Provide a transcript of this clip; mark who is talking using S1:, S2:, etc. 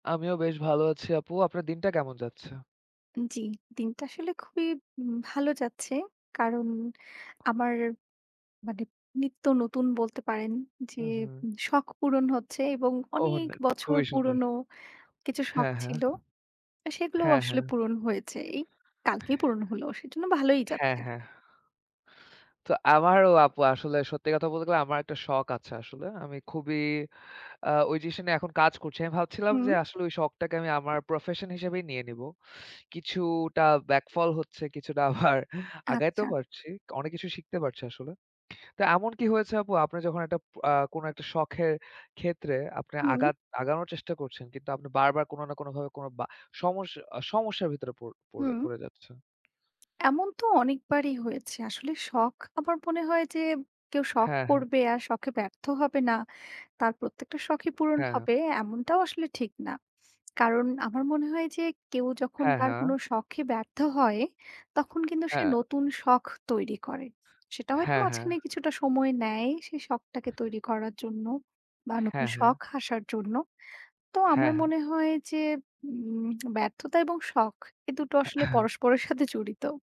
S1: আমিও বেশ ভালো আছি আপু। আপনার দিনটা কেমন যাচ্ছে?
S2: উ জি, দিনটা আসলে খুবই উম ভালো যাচ্ছে। কারণ আমার মানে নিত্য নতুন বলতে পারেন যে,
S1: উঁহু।
S2: উঁ শখ পূরণ হচ্ছে এবং
S1: ওহ!
S2: অনেক
S1: না,
S2: বছর
S1: খুবই সুন্দর।
S2: পুরনো কিছু শখ
S1: হ্যাঁ,
S2: ছিল,
S1: হ্যাঁ।
S2: আ সেগুলো
S1: হ্যাঁ,
S2: আসলে
S1: হ্যাঁ।
S2: পূরণ হয়েছে। এই কালকেই পূরণ হলো, সেজন্য ভালোই
S1: হ্যাঁ,
S2: যাচ্ছে।
S1: হ্যাঁ। তো আমারও আপু আসলে সত্যি কথা বলতে গেলে, আমার একটা শখ আছে আসলে। আমি খুবই আ ওই জিনিসটা নিয়ে এখন কাজ করছি। আমি ভাবছিলাম
S2: হুম।
S1: যে আসলে ওই শখটাকে আমি আমার প্রফেশন হিসেবেই নিয়ে নিব। কিছুটা ব্যাকফল হচ্ছে, কিছুটা আবার
S2: আচ্ছা।
S1: আগাইতেও পারছি। তো অনেক কিছু শিখতে পারছি আসলে। তা এমন কি হয়েছে আপু? আপনি যখন একটা পো আ কোন একটা শখের ক্ষেত্রে আপনি
S2: হুম।
S1: আগাত আগানোর চেষ্টা করছেন কিন্তু, আপনি বারবার কোনো না কোনভাবে কোনো বা সমস্য আ সমস্যার ভিতরে পড় পড়ে
S2: হুম।
S1: পড়ে যাচ্ছেন?
S2: এমন তো অনেকবারই হয়েছে। আসলে শখ আমার মনে হয় যে, কেউ শখ
S1: হ্যাঁ, হ্যাঁ।
S2: করবে আর শখে ব্যর্থ হবে না, তার প্রত্যেকটা শখই পূরণ
S1: হ্যাঁ।
S2: হবে, এমনটাও আসলে ঠিক না। কারণ আমার মনে হয় যে কেউ যখন
S1: হ্যাঁ,
S2: তার
S1: হ্যাঁ।
S2: কোনো শখে ব্যর্থ হয়, তখন কিন্তু সে
S1: হ্যাঁ।
S2: নতুন শখ তৈরি করে। সেটা হয়তো
S1: হ্যাঁ, হ্যাঁ।
S2: মাঝখানে কিছুটা সময় নেয়। সেই শখটাকে তৈরি করার জন্য বা নতুন
S1: হ্যাঁ, হ্যাঁ।
S2: শখ আসার জন্য। তো
S1: হ্যাঁ,
S2: আমার
S1: হ্যাঁ।
S2: মনে হয় যে, উম ব্যর্থতা এবং শখ এই দুটো আসলে পরস্পরের সাথে জড়িত।